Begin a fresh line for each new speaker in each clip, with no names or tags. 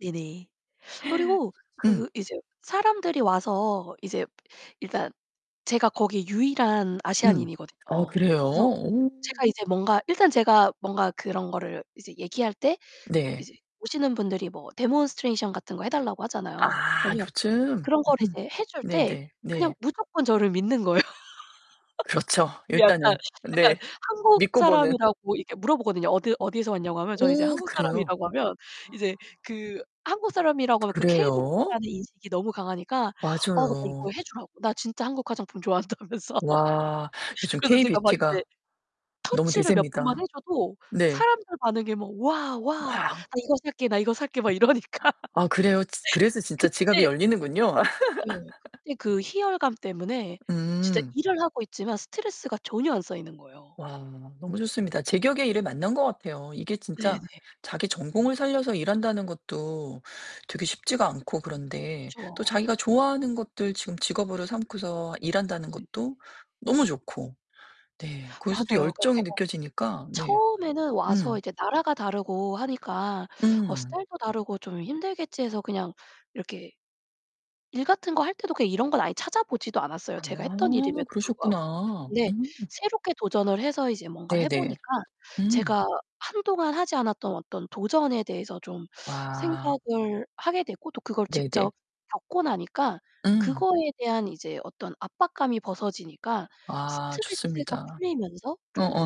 네네. 그리고
음.
그 이제 사람들이 와서 이제 일단 제가 거기 유일한
음.
아시아인이거든요.
어 그래요?
그래서
오.
제가 이제 뭔가 일단 제가 뭔가 그런 거를 이제 얘기할 때
네.
이제 오시는 분들이 뭐 demonstration 같은 거 해 달라고 하잖아요.
아,
그러면
요즘?
그런 거를 이제 해 줄 때
네네.
그냥
네.
무조건 저를 믿는 거예요.
그렇죠.
약간
일단은.
약간
네.
한국
믿고 보는.
사람이라고 이렇게 물어보거든요. 어디 어디에서 왔냐고 하면 저는 이제
오,
한국
그래요?
사람이라고 하면 이제 그 한국 사람이라고 하면 그 K-beauty
그래요?
라는 인식이 너무 강하니까 어 나 이거
맞아요.
해 주라고. 나 진짜 한국 화장품 좋아한다면서.
와. 요즘
그래서 제가 막
K-beauty
이제
가 너무
터치를 몇 번만 해
대세입니다.
줘도
네.
사람들 반응이 막 "와. 와. 나
와.
이거 살게, 나 이거 살게." 막 이러니까.
아 그래요? 지 그래서 진짜 지갑이
그때
열리는군요.
네. 그때 그 희열감 때문에 진짜
음.
일을 하고 있지만 스트레스가 전혀 안 쌓이는 거예요.
와, 너무 좋습니다. 제격의 일을 만난 것 같아요. 이게
네네.
진짜 자기 전공을 살려서 일한다는 것도 되게 쉽지가 않고 그런데. 또
그쵸.
자기가 좋아하는 것들 지금 직업으로 삼고서 일한다는
네
것도 너무 좋고. 네, 거기서도
맞아요. 그러니까
열정이
제가
느껴지니까. 네.
처음에는 와서
음.
이제 나라가 다르고 하니까 어
음.
스타일도 다르고 좀 힘들겠지 해서 그냥 이렇게 일 같은 거 할 때도 그냥 이런 건 아예 찾아보지도 않았어요.
아,
제가 했던 일임에도 불구하고.
그러셨구나.
근데
음.
새롭게 도전을 해서 이제 뭔가를
네
해
네.
보니까
음.
제가 한동안 하지 않았던 어떤 도전에 대해서 좀
와.
생각을 하게 됐고 또 그걸
네네.
직접 겪고 나니까
음.
그거에 대한 이제 어떤 압박감이 벗어지니까
아
스트레스가
좋습니다.
풀리면서 좀
어어.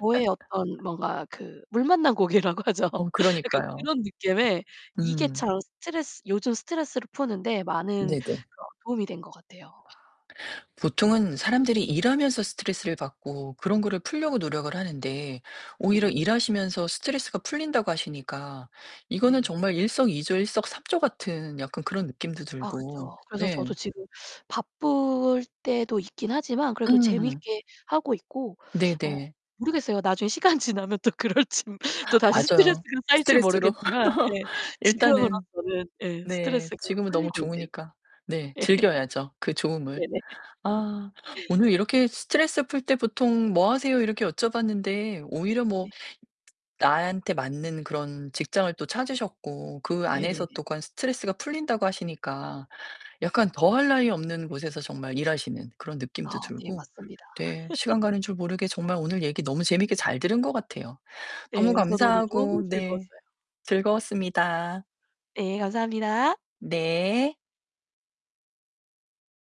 저의 어떤 뭔가 그 물 만난 고기라고 하죠.
어
약간
그러니까요.
그런 느낌의 이게
음.
참 스트레스 요즘 스트레스를 푸는 데 많은
네네.
그런 도움이 된 것 같아요.
와. 보통은 사람들이 일하면서 스트레스를 받고 그런 거를
네.
풀려고 노력을 하는데 오히려
네네.
일하시면서 스트레스가 풀린다고 하시니까 이거는
네네.
정말 일석이조, 일석삼조 같은 약간 그런 느낌도
아
들고.
그쵸. 그래서
네.
저도 지금 바쁠 때도 있긴 하지만 그래도
음.
재밌게 하고 있고. 어
네네.
모르겠어요. 나중에 시간 지나면 또 그럴진. 또다시
맞아요.
스트레스가 쌓일지
스트레스로.
모르겠지만 네
일단은
지금으로서는 예
네,
스트레스가
지금은 너무
풀리고 있네요.
좋으니까. 네,
예.
즐겨야죠. 그 좋음을.
네네.
아, 오늘 이렇게 "스트레스 풀 때 보통 뭐 하세요?" 이렇게 여쭤봤는데 오히려 뭐
네.
나한테 맞는 그런 직장을 또 찾으셨고 그 안에서
네네네.
또 그 안 스트레스가 풀린다고 하시니까 약간 더할 나위 없는 곳에서 정말 일하시는 그런 느낌도
아 네,
들고.
맞습니다.
네, 시간 가는 줄 모르게 정말 오늘 얘기 너무 재밌게 잘 들은 것 같아요.
네,
너무
저도 오늘 너무
감사하고 네
즐거웠어요.
즐거웠습니다.
예, 감사합니다.
네.